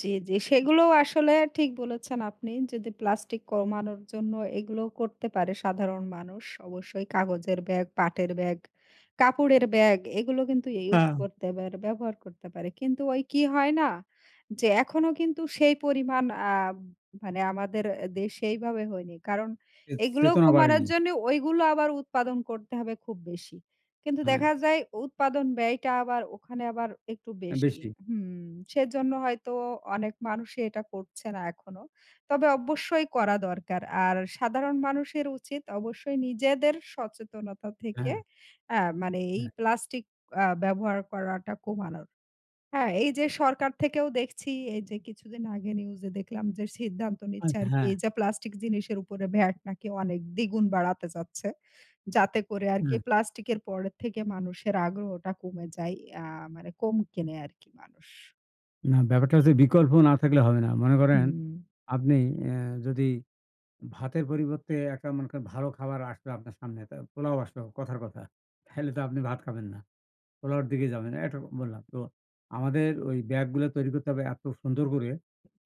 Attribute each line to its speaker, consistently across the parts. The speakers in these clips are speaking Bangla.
Speaker 1: জ্বী, জ্বী, সেগুলো আসলে ঠিক বলেছেন আপনি। যদি প্লাস্টিক কমানোর জন্য এগুলো করতে পারে সাধারণ মানুষ। অবশ্যই কাগজের ব্যাগ, পাটের ব্যাগ, কাপড়ের ব্যাগ এগুলো কিন্তু ইউজ
Speaker 2: হা।
Speaker 1: করতে পারে, ব্যবহার করতে পারে। কিন্তু ওই কি হয় না? যে, এখনও কিন্তু সেই পরিমাণ আ মানে আমাদের দেশে এইভাবে হয়নি। কারণ
Speaker 2: চে
Speaker 1: এগুলো
Speaker 2: চেতনা
Speaker 1: কমানোর
Speaker 2: বাড়েনি।
Speaker 1: জন্নে, ওইগুলো আবার উৎপাদন করতে হবে খুব বেশি। কিন্তু দেখা
Speaker 2: হ্যাঁ।
Speaker 1: যায়, উৎপাদন ব্যয়টা আবার ওখানে আবার একটু বেশি
Speaker 2: বেশি।
Speaker 1: হুম। সেজন্য হয়তো অনেক মানুষে এটা করছে না এখনও। তবে অবশ্যই করা দরকার। আর সাধারণ মানুষের উচিত, অবশ্যই নিজেদের সচেতনতা থেকে,
Speaker 2: হ্যাঁ।
Speaker 1: আ মানে এই
Speaker 2: হ্যাঁ।
Speaker 1: প্লাস্টিক আ ব্যবহার করাটা কমানোর। হ্যাঁ? এই যে, সরকার থেকেও দেখছি, এই যে, কিছুদিন আগে নিউজ এ দেখলাম যে, সিদ্ধান্ত
Speaker 2: আর
Speaker 1: নিচ্ছে আরকি।
Speaker 2: হ্যাঁ।
Speaker 1: এই যে, প্লাস্টিক জিনিসের উপরে ভ্যাট নাকি অনেক, দ্বিগুণ বাড়াতে যাচ্ছে। যাতে করে আরকি
Speaker 2: হ্যাঁ।
Speaker 1: প্লাস্টিকের পরের থেকে মানুষের আগ্রহটা কমে যায়। ইয়া মানে কম কেনে আরকি মানুষ।
Speaker 2: না, ব্যাপারটা হচ্ছে বিকল্প না থাকলে হবে না। মনে করেন,
Speaker 1: হুম।
Speaker 2: আপনি এ যদি ভাতের পরিবর্তে একটা মনে করেন, ভালো খাবার আসলো আপনার সামনে। তা পোলাও আসলো, কথার কথা। তাহলে তো আপনি ভাত খাবেন না। পোলাওর দিকে যাবেন, এইটুক বললাম। তো আমাদের ওই ব্যাগগুলো তৈরি করতে হবে এত সুন্দর করে।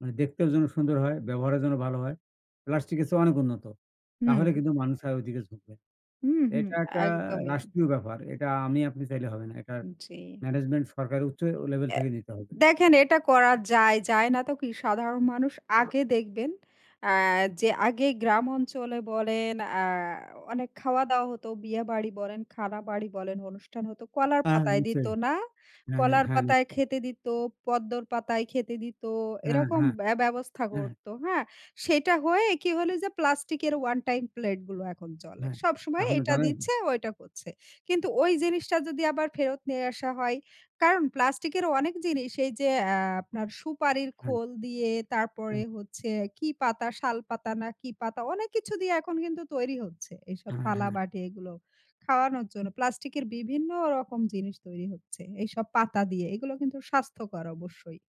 Speaker 2: মানে দেখতেও যেন সুন্দর হয়, ব্যবহারে যেন ভালো হয়, প্লাস্টিকের চেয়ে অনেক উন্নত। তাহলে
Speaker 1: হুম।
Speaker 2: কিন্তু মানুষ আর ওই দিকে ঝুকবে।
Speaker 1: হুম, হুম,
Speaker 2: এটা একটা
Speaker 1: একদমই।
Speaker 2: রাষ্ট্রীয় ব্যাপার, এটা আমি আপনি চাইলে হবে না। এটা
Speaker 1: জ্বী।
Speaker 2: ম্যানেজমেন্ট সরকারের উচ্চ লেভেল
Speaker 1: এ
Speaker 2: থেকে নিতে হবে।
Speaker 1: দেখেন এটা করা যায়। যায় না তো কি? সাধারণ মানুষ আগে দেখবেন, আ যে, আগে গ্রাম অঞ্চলে বলেন, আ অনেক খাওয়া-দাওয়া হতো। বিয়েবাড়ি বলেন, খানাবাড়ি বলেন, অনুষ্ঠান হতো কলার
Speaker 2: হ্যাঁ,
Speaker 1: পাতায় দিত,
Speaker 2: নিশ্চয়ই।
Speaker 1: না?
Speaker 2: হ্যাঁ,
Speaker 1: কলার
Speaker 2: হ্যাঁ,
Speaker 1: পাতায়
Speaker 2: নিশ্চয়ই।
Speaker 1: খেতে দিত, পদ্মর পাতায় খেতে দিত,
Speaker 2: হ্যাঁ,
Speaker 1: এরকম
Speaker 2: হ্যাঁ।
Speaker 1: ব্য ব্যবস্থা
Speaker 2: হ্যাঁ।
Speaker 1: করত, হ্যাঁ? সেটা হয়ে কি হল? যে, প্লাস্টিকের ওয়ান টাইম প্লেট গুলো এখন চলে।
Speaker 2: হ্যাঁ।
Speaker 1: সবসময়
Speaker 2: এখন তো
Speaker 1: এটা
Speaker 2: জানেন?
Speaker 1: দিচ্ছে, ও এটা করছে। কিন্তু ওই জিনিসটা যদি আবার ফেরত নিয়ে আসা হয়? কারণ প্লাস্টিকের অনেক জিনিস এই যে, অ্যা আপনার সুপারির
Speaker 2: হ্যাঁ।
Speaker 1: খোল দিয়ে, তারপরে
Speaker 2: হ্যাঁ।
Speaker 1: হচ্ছে কি পাতা? শাল পাতা না, কি পাতা? অনেক কিছু দিয়ে এখন কিন্তু তৈরি হচ্ছে। এইসব
Speaker 2: হ্যাঁ, হ্যাঁ।
Speaker 1: থালাবাটি এগুলো। খাওয়ানোর জন্য। প্লাস্টিকের বিভিন্ন রকম জিনিস তৈরি হচ্ছে, এইসব পাতা দিয়ে। এগুলো কিন্তু স্বাস্থ্যকর অবশ্যই।